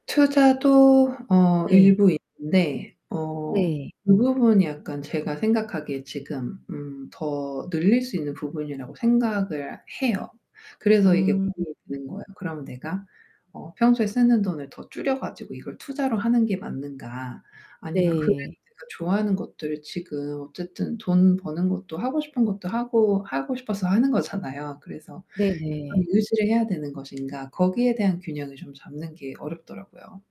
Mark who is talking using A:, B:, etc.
A: 투자도 어
B: 네.
A: 일부 있는데 어
B: 네.
A: 그 부분이 약간 제가 생각하기에 지금 음, 더 늘릴 수 있는 부분이라고 생각을 해요. 그래서 이게
B: 음.
A: 고민이 되는 거예요. 그럼 내가 어 평소에 쓰는 돈을 더 줄여 가지고 이걸 투자로 하는 게 맞는가. 아니면 그래도
B: 네.
A: 내가 좋아하는 것들을 지금 어쨌든 돈 버는 것도 하고 싶은 것도 하고 하고 싶어서 하는 거잖아요. 그래서 이거를
B: 네네.
A: 유지를 해야 되는 것인가. 거기에 대한 균형을 좀 잡는 게 어렵더라고요.